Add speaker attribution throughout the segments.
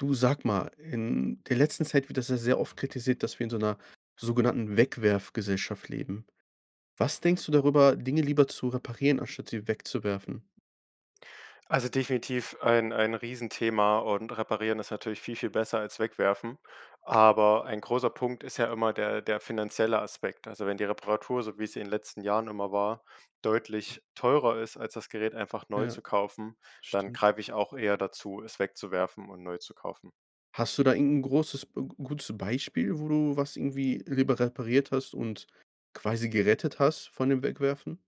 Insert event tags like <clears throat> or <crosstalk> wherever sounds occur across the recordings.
Speaker 1: Du, sag mal, in der letzten Zeit wird das ja sehr oft kritisiert, dass wir in so 'ner sogenannten Wegwerfgesellschaft leben. Was denkst du darüber, Dinge lieber zu reparieren anstatt sie wegzuwerfen?
Speaker 2: Also definitiv ein ein Riesenthema und Reparieren ist natürlich viel, viel besser als Wegwerfen. Aber ein großer Punkt ist ja immer der der finanzielle Aspekt. Also wenn die Reparatur, so wie es in den letzten Jahren immer war, deutlich teurer ist als das Gerät einfach neu
Speaker 1: Ja,
Speaker 2: zu kaufen, dann
Speaker 1: stimmt.
Speaker 2: greife ich auch eher dazu, es wegzuwerfen und neu zu kaufen.
Speaker 1: Hast du da irgend 'n großes, äh, gutes Beispiel, wo du was irgendwie lieber repariert hast und quasi gerettet hast von dem Wegwerfen?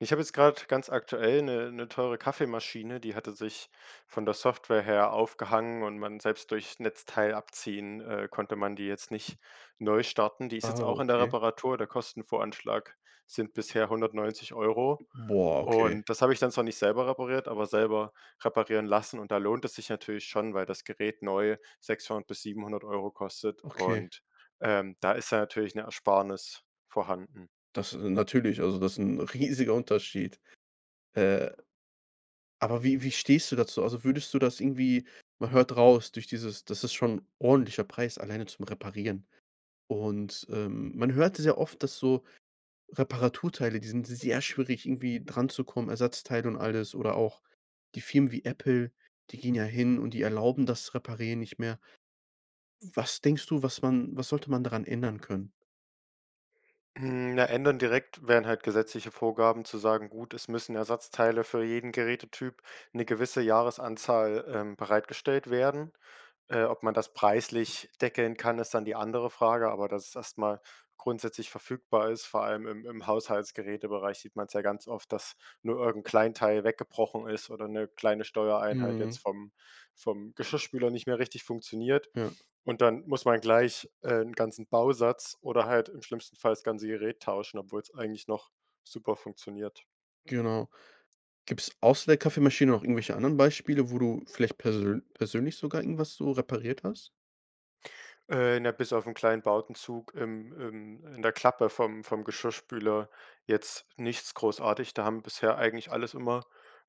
Speaker 2: Ich habe jetzt grad ganz aktuell 'ne 'ne teure Kaffeemaschine, die hatte sich von der Software her aufgehangen und man selbst durchs Netzteil abziehen, äh, konnte man die jetzt nicht neu starten. Die ist
Speaker 1: Ah,
Speaker 2: jetzt auch in der
Speaker 1: okay.
Speaker 2: Reparatur, der Kostenvoranschlag sind bisher 190 €
Speaker 1: Boah, okay.
Speaker 2: und das habe ich dann zwar nicht selber repariert, aber selber reparieren lassen, und da lohnt es sich natürlich schon, weil das Gerät neu 600 bis 700 € kostet
Speaker 1: Okay.
Speaker 2: und, ähm, da ist ja natürlich 'ne Ersparnis vorhanden.
Speaker 1: Das natürlich, also das ist 'n riesiger Unterschied. Äh, aber wie wie stehst du dazu? Also würdest du das irgendwie man hört raus, durch dieses das ist schon 'n ordentlicher Preis alleine zum Reparieren. Und, ähm, man hört es ja oft, dass so Reparaturteile, die sind sehr schwierig, irgendwie dranzukommen, Ersatzteile und alles oder auch die Firmen wie Apple, die gehen ja hin und die erlauben das Reparieren nicht mehr. Was denkst du, was man was sollte man daran ändern können?
Speaker 2: Hm, na, ändern direkt wären halt gesetzliche Vorgaben, zu sagen: Gut, es müssen Ersatzteile für jeden Gerätetyp 'ne gewisse Jahresanzahl, ähm, bereitgestellt werden. Äh, ob man das preislich deckeln kann, ist dann die andere Frage, aber dass es erst mal grundsätzlich verfügbar ist. Vor allem im im Haushaltsgeräte-Bereich sieht man's ja ganz oft, dass nur irgend 'n kleinen Teil weggebrochen ist oder 'ne kleine Steuereinheit jetzt
Speaker 1: Mhm.
Speaker 2: vom vom Geschirrspüler nicht mehr richtig funktioniert.
Speaker 1: Ja.
Speaker 2: Und dann muss man gleich, äh, 'n ganzen Bausatz oder halt im schlimmsten Fall das ganze Gerät tauschen, obwohl's eigentlich noch super funktioniert.
Speaker 1: Genau. Gibt's außer der Kaffeemaschine noch irgendwelche anderen Beispiele, wo du vielleicht persön persönlich sogar irgendwas so repariert hast?
Speaker 2: Äh, na, bis auf 'n kleinen Bowdenzug im im in der Klappe vom vom Geschirrspüler jetzt nichts großartig. Da haben bisher eigentlich alles immer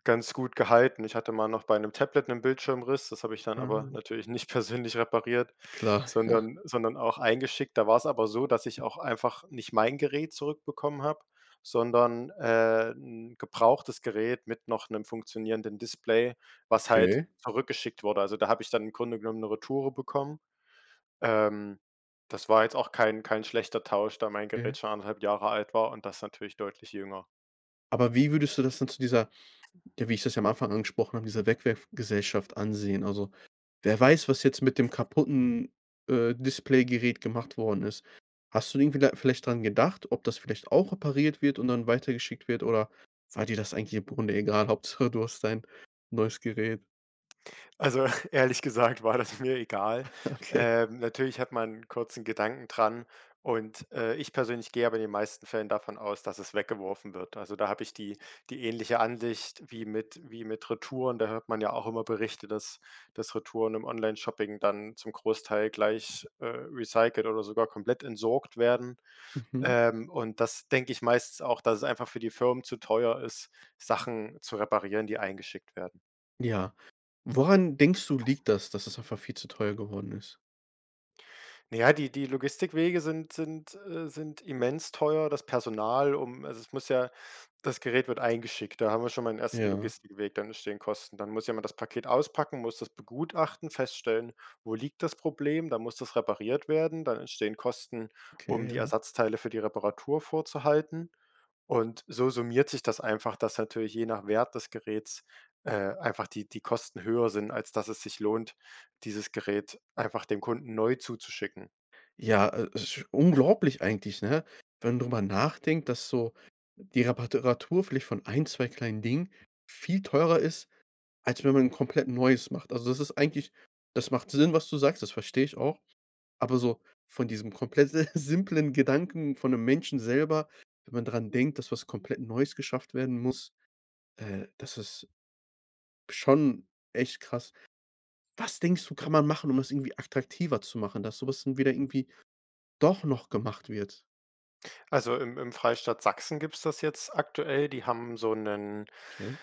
Speaker 2: ganz gut gehalten. Ich hatte mal noch bei 'nem Tablet 'n Bildschirmriss, das habe ich dann aber
Speaker 1: Mhm.
Speaker 2: natürlich nicht persönlich repariert,
Speaker 1: Klar, ja.
Speaker 2: sondern sondern auch eingeschickt. Da war's aber so, dass ich auch einfach nicht mein Gerät zurückbekommen habe, sondern, äh, 'n gebrauchtes Gerät mit noch 'nem funktionierenden Display, was halt
Speaker 1: Okay.
Speaker 2: zurückgeschickt wurde. Also da habe ich dann im Grunde genommen 'ne Retoure bekommen. Ähm, das war jetzt auch kein kein schlechter Tausch, da mein
Speaker 1: Mhm.
Speaker 2: Gerät schon 1,5 Jahre alt war und das natürlich deutlich jünger.
Speaker 1: Aber wie würdest du das denn zu dieser ja, wie ich das am Anfang angesprochen habe, dieser Wegwerfgesellschaft ansehen? Also wer weiß, was jetzt mit dem kaputten, äh, Displaygerät gemacht worden ist? Hast du denn irgendwie da vielleicht dran gedacht, ob das vielleicht auch repariert wird und dann weitergeschickt wird, oder war dir das eigentlich im Grunde egal, Hauptsache du hast dein neues Gerät.
Speaker 2: Also ehrlich gesagt war das mir egal.
Speaker 1: Okay.
Speaker 2: Ähm, natürlich hat man 'n kurzen Gedanken dran und äh, ich persönlich gehe aber in den meisten Fällen davon aus, dass es weggeworfen wird. Also da habe ich die die ähnliche Ansicht wie mit wie mit Retouren. Da hört man ja auch immer Berichte, dass dass Retouren im Onlineshopping dann zum Großteil gleich, äh, recycelt oder sogar komplett entsorgt werden.
Speaker 1: Mhm.
Speaker 2: Ähm, und das denke ich meistens auch, dass es einfach für die Firmen zu teuer ist, Sachen zu reparieren die eingeschickt werden.
Speaker 1: Ja. Woran denkst du, liegt das, dass es einfach viel zu teuer geworden ist?
Speaker 2: Naja, die die Logistikwege sind sind, äh sind immens teuer, das Personal um also, es muss ja das Gerät wird eingeschickt. Da haben wir schon mal den 1.
Speaker 1: Ja.
Speaker 2: Logistikweg. Dann entstehen Kosten. Dann muss jemand das Paket auspacken, muss das begutachten, feststellen: Wo liegt das Problem? Dann muss das repariert werden. Dann entstehen Kosten, um
Speaker 1: Okay,
Speaker 2: die
Speaker 1: ja.
Speaker 2: Ersatzteile für die Reparatur vorzuhalten. Und so summiert sich das einfach, dass natürlich je nach Wert des Geräts, äh, einfach die die Kosten höher sind, als dass es sich lohnt, dieses Gerät einfach dem Kunden neu zuzuschicken.
Speaker 1: Ja, äh esch
Speaker 2: <clears throat>
Speaker 1: unglaublich eigentlich, ne? Wenn drüber nachdenkt, dass so die Repara Teratur vielleicht von 1, 2 kleinen Dingen viel teurer ist, als wenn man 'n komplett Neues macht. Also, das ist eigentlich das macht Sinn, was du sagst. Das verstehe ich auch. Aber so von diesem komplett äh, simplen Gedanken von 'nem Menschen selber, wenn man dran denkt, dass was komplett Neues geschafft werden muss, äh, das ist schon echt krass. Was denkst du,
Speaker 2: Ne.
Speaker 1: kann man machen, um das irgendwie attraktiver zu machen, dass so was dann wieder irgendwie doch noch gemacht wird?
Speaker 2: Also, im im Freistaat Sachsen gibt's das jetzt aktuell. Die haben so 'nen-
Speaker 1: Okay.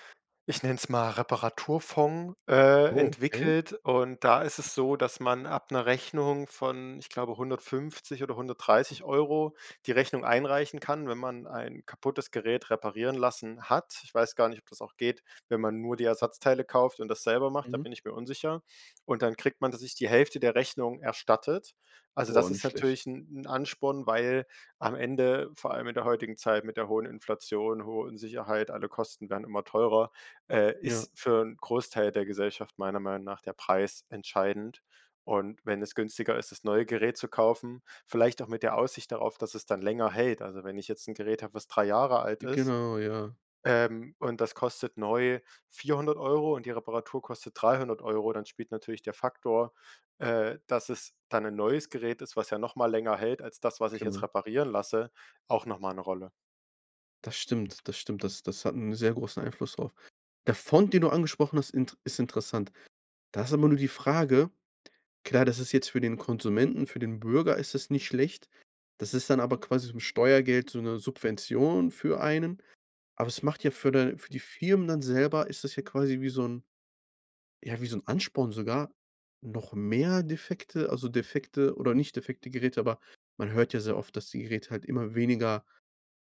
Speaker 2: ich nenn's mal, Reparaturfond- äh,
Speaker 1: Oh okay.
Speaker 2: entwickelt und da ist es so, dass man ab 'ner Rechnung von, ich glaube, 150 € oder 130 € die Rechnung einreichen kann, wenn man ein kaputtes Gerät reparieren lassen hat. Ich weiß gar nicht, ob das auch geht, wenn man nur die Ersatzteile kauft und das selber macht, da
Speaker 1: Mhm.
Speaker 2: bin ich mir unsicher. Und dann kriegt man tatsächlich die Hälfte der Rechnung erstattet. Also, das
Speaker 1: Boah,
Speaker 2: ist
Speaker 1: nicht schlecht.
Speaker 2: natürlich 'n 'n Ansporn, weil am Ende, vor allem in der heutigen Zeit mit der hohen Inflation, hohen Sicherheit, alle Kosten werden immer teurer, äh,
Speaker 1: Ja.
Speaker 2: ist für 'n Großteil der Gesellschaft meiner Meinung nach der Preis entscheidend. Und wenn es günstiger ist, das neue Gerät zu kaufen, vielleicht auch mit der Aussicht darauf, dass es dann länger hält also, wenn ich jetzt 'n Gerät hab, was 3 Jahre alt ist,
Speaker 1: Genau, ja.
Speaker 2: ähm, und das kostet neu 400 € und die Reparatur kostet 300 €, dann spielt natürlich der Faktor, äh, dass es dann 'nen neues Gerät ist, was ja noch mal länger hält als das, was ich jetzt
Speaker 1: Genau.
Speaker 2: reparieren lasse, auch noch mal 'ne Rolle.
Speaker 1: Das stimmt, das stimmt. Das das hat 'n sehr großen Einfluss drauf. Der Fonds, den du angesprochen hast, int ist interessant. Da ist aber nur die Frage, klar, das ist jetzt für den Konsumenten, für den Bürger ist das nicht schlecht. Das ist dann aber quasi so 'n Steuergeld, so 'ne Subvention für einen, aber es macht ja für den für die Firmen dann selber ist das ja quasi wie so 'n ja, wie so 'n Ansporn sogar noch mehr defekte also, defekte oder nicht defekte Geräte, aber man hört ja sehr oft, dass die Geräte halt immer weniger,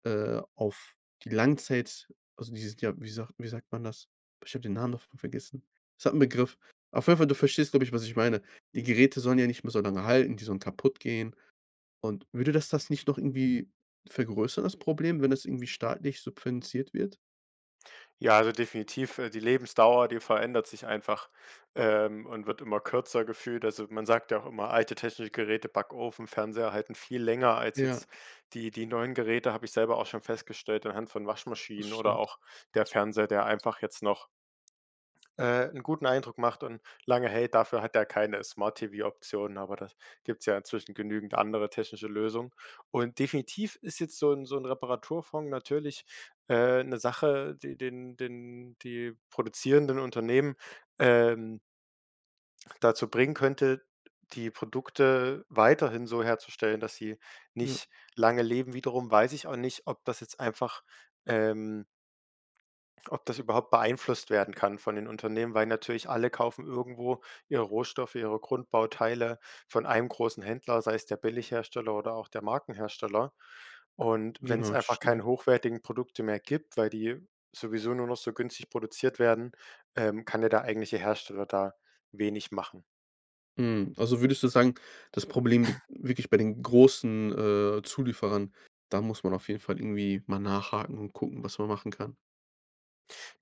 Speaker 1: äh, auf die Langzeit also, die sind ja, wie sagt wie sagt man das? Boah, ich habe den Namen davon vergessen. Es hat 'n Begriff. Auf jeden Fall, du verstehst, glaube ich, was ich meine. Die Geräte sollen ja nicht mehr so lange halten, die sollen kaputtgehen. Und würde dass das nicht noch irgendwie vergrößern das Problem, wenn es irgendwie staatlich subventioniert wird?
Speaker 2: Ja, also definitiv, äh, die Lebensdauer, die verändert sich einfach, ähm, und wird immer kürzer gefühlt. Also, man sagt ja auch immer, alte technische Geräte, Backofen, Fernseher halten viel länger als
Speaker 1: Ja.
Speaker 2: jetzt die die neuen Geräte. Habe ich selber auch schon festgestellt anhand von
Speaker 1: Das
Speaker 2: Waschmaschinen oder
Speaker 1: stimmt.
Speaker 2: auch der Fernseher, der einfach jetzt noch äh, 'n guten Eindruck macht und lange hält, dafür hat er keine Smart TV-Optionen, aber das gibt's ja inzwischen genügend andere technische Lösung. Und definitiv ist jetzt so 'n so 'n Reparaturfond natürlich, äh, 'ne Sache, die den den die produzierenden Unternehmen, ähm dazu bringen könnte, die Produkte weiterhin so herzustellen, dass sie
Speaker 1: Ja.
Speaker 2: nicht lange leben. Wiederum weiß ich auch nicht, ob das jetzt einfach, ähm f ob das überhaupt beeinflusst werden kann von den Unternehmen, weil natürlich alle kaufen irgendwo ihre Rohstoffe, ihre Grundbauteile von einem großen Händler, sei es der Billighersteller oder auch der Markenhersteller. Und
Speaker 1: Genau,
Speaker 2: wenn's
Speaker 1: das ist
Speaker 2: einfach
Speaker 1: schon
Speaker 2: keine
Speaker 1: richtig.
Speaker 2: hochwertigen Produkte mehr gibt, weil die sowieso nur noch so günstig produziert werden, ähm, kann der da eigentliche Hersteller da wenig machen.
Speaker 1: Mhm, also würdest du sagen, das Problem liegt
Speaker 2: <chuckles>
Speaker 1: wirklich bei den großen, äh, Zulieferern? Da muss man auf jeden Fall irgendwie mal nachhaken und gucken, was man machen kann?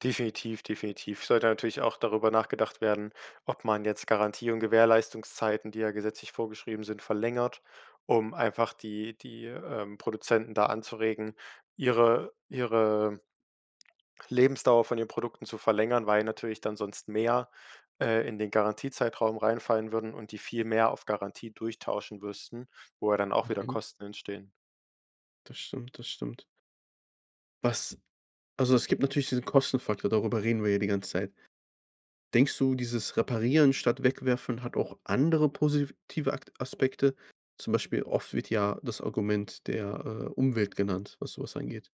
Speaker 2: Definitiv, definitiv. Sollte natürlich auch darüber nachgedacht werden, ob man jetzt Garantie und Gewährleistungszeiten, die ja gesetzlich vorgeschrieben sind, verlängert, um einfach die die, ähm, Produzenten da anzuregen, ihre ihre Lebensdauer von den Produkten zu verlängern, weil natürlich dann sonst mehr, äh, in den Garantiezeitraum reinfallen würden und die viel mehr auf Garantie durchtauschen müssten, wo ja dann auch wieder
Speaker 1: Mhm.
Speaker 2: Kosten entstehen.
Speaker 1: Das stimmt, das stimmt. Was also, es gibt natürlich diesen Kostenfaktor, darüber reden wir ja die ganze Zeit. Denkst du, dieses Reparieren statt Wegwerfen hat auch andere positive A Aspekte? Zum Beispiel oft wird ja das Argument der, äh, Umwelt genannt, was so was angeht.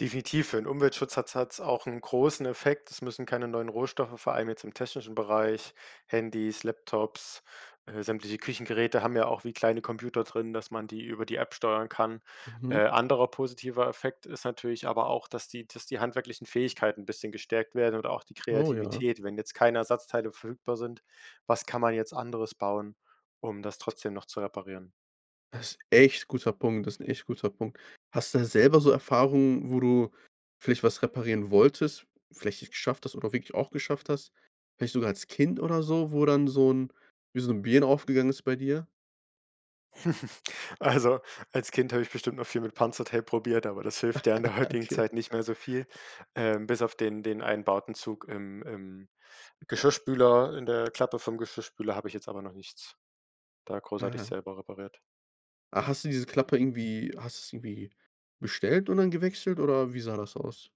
Speaker 2: Definitiv, für 'n Umweltschutz hat es hat es auch 'n großen Effekt. Es müssen keine neuen Rohstoffe, vor allem jetzt im technischen Bereich Handys, Laptops, äh, sämtliche Küchengeräte haben ja auch wie kleine Computer drin, dass man die über die App steuern kann. Äh,
Speaker 1: Mhm.
Speaker 2: anderer positiver Effekt ist natürlich aber auch, dass die dass die handwerklichen Fähigkeiten 'n bisschen gestärkt werden oder auch die
Speaker 1: Oh ja.
Speaker 2: Kreativität, wenn jetzt keine Ersatzteile verfügbar sind- was kann man jetzt anderes bauen, um das trotzdem noch zu reparieren?
Speaker 1: Das 'n echt guter Punkt das ist 'n echt guter Punkt. Hast du da selber so Erfahrungen, wo du vielleicht was reparieren wolltest, vielleicht nicht geschafft hast oder wirklich auch geschafft hast? Vielleicht sogar als Kind oder so, wo dann so 'n wie so 'ne Birne aufgegangen ist bei dir?
Speaker 2: <chuckles> Also, als Kind habe ich bestimmt noch viel mit Panzertape probiert, aber das hilft ja in der
Speaker 1: <chuckles>
Speaker 2: heutigen
Speaker 1: Okay.
Speaker 2: Zeit nicht mehr so viel. Ähm, bis auf den den einen Bowdenzug im im Geschirrspüler, in der Klappe vom Geschirrspüler, habe ich jetzt aber noch nichts da großartig
Speaker 1: Aha.
Speaker 2: selber repariert.
Speaker 1: Ah, hast du diese Klappe irgendwie hast du's irgendwie bestellt und dann gewechselt oder wie sah das aus?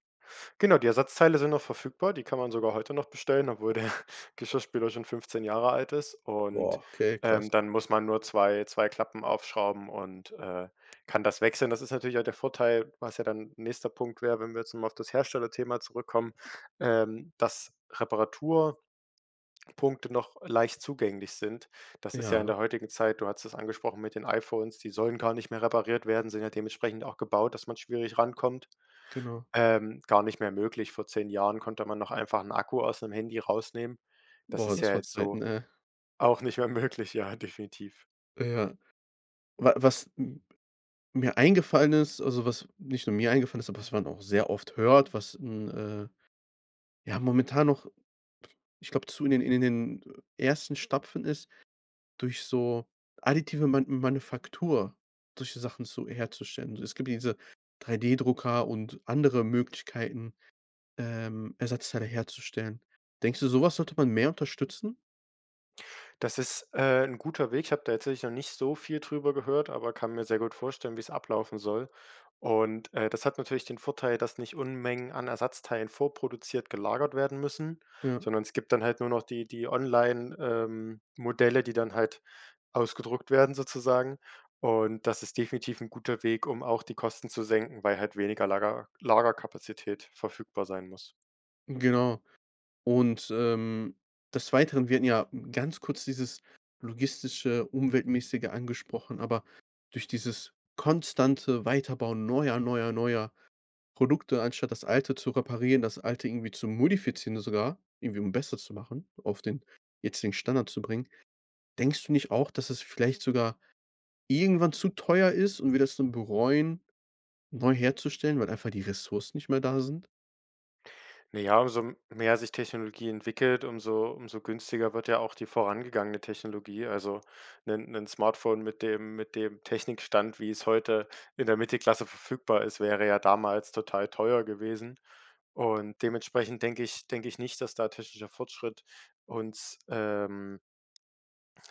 Speaker 2: Genau, die Ersatzteile sind noch verfügbar, die kann man sogar heute noch bestellen, obwohl der Geschirrspüler schon 15 Jahre alt ist. Und,
Speaker 1: Boah, okay, krass.
Speaker 2: ähm, dann muss man nur 2 2 Klappen aufschrauben und, äh, kann das wechseln. Das ist natürlich auch der Vorteil, was ja dann nächster 'n Punkt wäre, wenn wir jetzt mal auf das Herstellerthema zurückkommen. Ähm, dass Reparaturpunkte noch leicht zugänglich sind. Das ist ja in
Speaker 1: Ja.
Speaker 2: der heutigen Zeit du hattest es angesprochen mit den iPhones, die sollen gar nicht mehr repariert werden, sind ja dementsprechend auch gebaut, dass man schwierig rankommt,
Speaker 1: Genau.
Speaker 2: ähm, gar nicht mehr möglich. Vor 10 Jahren konnte man noch einfach 'n Akku aus 'nem Handy rausnehmen. Das
Speaker 1: Boah,
Speaker 2: ist ja
Speaker 1: das war
Speaker 2: jetzt so
Speaker 1: Zeiten, ey.
Speaker 2: auch nicht mehr möglich, ja, definitiv.
Speaker 1: Ja. Wa was m mir eingefallen ist also, was nicht nur mir eingefallen ist, aber was man auch sehr oft hört, was 'n, äh, ja, momentan noch, ich glaube, zu <unintelligible> in den in den ersten Stapfen ist, durch so additive Ma Manufaktur solche Sachen zu herzustellen. Also es gibt diese 3D-Drucker und andere Möglichkeiten, ähm, Ersatzteile herzustellen. Denkst du, so was sollte man mehr unterstützen?
Speaker 2: Das ist, äh, 'n guter Weg. Ich habe da tatsächlich noch nicht so viel drüber gehört, aber kann mir sehr gut vorstellen, wie es ablaufen soll. Und, äh, das hat natürlich den Vorteil, dass nicht Unmengen an Ersatzteilen vorproduziert gelagert werden müssen,
Speaker 1: Ja.
Speaker 2: sondern es gibt dann halt nur noch die die Online ähm, Modelle, die dann halt ausgedruckt werden sozusagen. Und das ist definitiv 'n guter Weg, um auch die Kosten zu senken, weil halt weniger Lager Lagerkapazität verfügbar sein muss.
Speaker 1: Genau. Und, ähm, des Weiteren wir hatten ja ganz kurz dieses logistische, umweltmäßige angesprochen, aber durch dieses konstante Weiterbauen neuer, neuer, neuer Produkte anstatt das Alte zu reparieren, das Alte irgendwie zu modifizieren sogar, irgendwie um besser zu machen, auf den jetzigen Standard zu bringen, denkst du nicht auch, dass es vielleicht sogar irgendwann zu teuer ist und wir das dann bereuen neu herzustellen, weil einfach die Ressourcen nicht mehr da sind?
Speaker 2: Naja, umso mehr sich Technologie entwickelt, umso umso günstiger wird ja auch die vorangegangene Technologie. Also 'nen 'nen Smartphone mit dem mit dem Technikstand, wie es heute in der Mittelklasse verfügbar ist, wäre ja damals total teuer gewesen und dementsprechend denke ich denke ich nicht, dass da technischer Fortschritt uns, ähm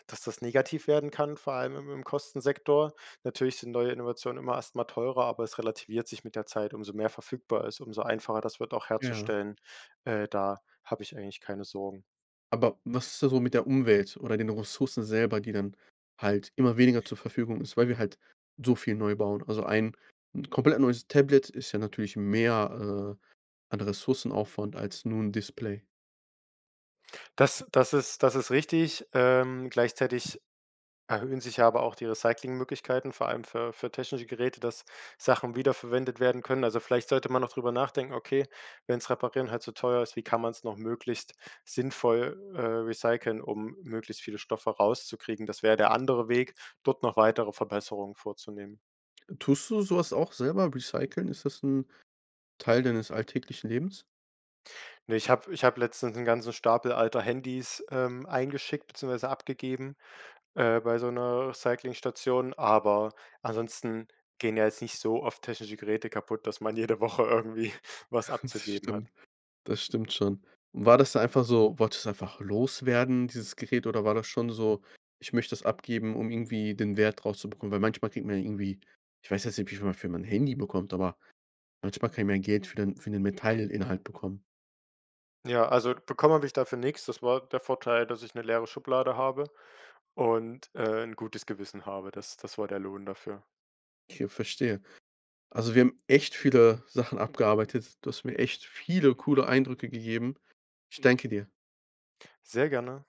Speaker 2: dass das negativ werden kann, vor allem im im Kostensektor. Natürlich sind neue Innovationen immer erst mal teurer, aber es relativiert sich mit der Zeit. Umso mehr verfügbar ist, umso einfacher das wird auch
Speaker 1: Ja.
Speaker 2: herzustellen, äh, da habe ich eigentlich keine Sorgen.
Speaker 1: Aber was ist da so mit der Umwelt oder den Ressourcen selber, die dann halt immer weniger zur Verfügung ist, weil wir halt so viel neu bauen? Also ein 'n komplett neues Tablet ist ja natürlich mehr, äh, an Ressourcenaufwand als nur 'n Display.
Speaker 2: Das das ist das ist richtig. Ähm, gleichzeitig erhöhen sich ja aber auch die Recycling-Möglichkeiten, vor allem für für technische Geräte, dass Sachen wiederverwendet werden können. Also vielleicht sollte man auch drüber nachdenken: „Okay, wenn's Reparieren halt zu teuer ist, wie kann man's noch möglichst sinnvoll, äh, recyceln, um möglichst viele Stoffe rauszukriegen?“ Das wär der andere Weg, dort noch weitere Verbesserungen vorzunehmen.
Speaker 1: Tust du so was auch selber recyceln? Ist das 'n Teil deines alltäglichen Lebens?
Speaker 2: Ne, ich habe ich habe letztens 'n ganzen Stapel alter Handys, ähm, eingeschickt beziehungsweise abgegeben, äh, bei so 'ner Recycling-Station, aber ansonsten gehen ja jetzt nicht so oft technische Geräte kaputt, dass man jede Woche irgendwie was
Speaker 1: Das
Speaker 2: abzugeben hat.
Speaker 1: stimmt. Das stimmt schon. Und war das da einfach so, wolltest du das einfach loswerden, dieses Gerät, oder war das schon so: „Ich möchte es abgeben, um irgendwie den Wert rauszubekommen?“ Weil manchmal kriegt man ja irgendwie ich weiß jetzt nicht, wie viel man für mein Handy bekommt, aber manchmal kann man Geld für den für den Metall-Inhalt bekommen.
Speaker 2: Ja, also bekommen habe ich dafür nix, das war der Vorteil, dass ich 'ne leere Schublade habe und, äh, 'n gutes Gewissen habe. Das das war der Lohn dafür.
Speaker 1: Okay. Verstehe. Also wir haben echt viele Sachen abgearbeitet. Du hast mir echt viele coole Eindrücke gegeben. Ich danke dir.
Speaker 2: Sehr gerne.